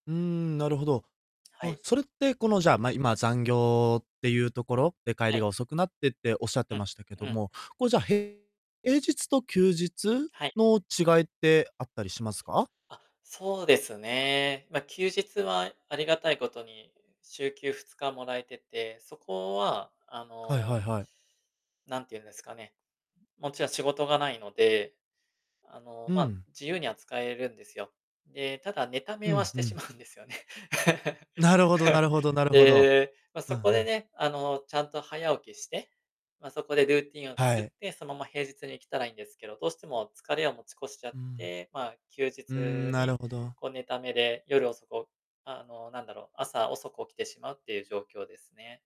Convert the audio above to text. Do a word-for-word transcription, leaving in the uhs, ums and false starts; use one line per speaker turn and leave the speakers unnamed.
うーん、なるほど。
は
あ、
い。
それってこの、じゃあ、ま、今、残業っていうところで帰
は
り
い。
が遅くなってっておっしゃっ
う
て
ん、
ましたけど
うん。
も、こじゃあ、へ平日と休日
はい。
の違いってあったりしますか？
あ、そうですね。ま、休日は、ありがたいことに、週休ふつかもらえてて、そこはあ
はいはい
の
はい。
なんて言うんですかね、うもちろん仕事がないので、あの、
う
ま、
ん。
自由には使えるんですよ。で、ただ、寝た
う
めは
ん、
し
ふ
てしま
ん。
うんですよね。
なるほどなるほどなるほど。
で、ま、
う
そ
んう
こで
ん。
ね、あの、ちゃんと早起きして、ま、そこでルーティンを
は
作っ
い。
て、その、ま、平日に来たらいいんですけど、どうしても疲れを持ち越しちゃ
う
っ
ん。
て、まあ、休
うーん、
日
なる
に、
ほど。
こう、寝ためで、夜遅く、おあの、なんだろう、朝遅く起きてしまうっていう状況ですね。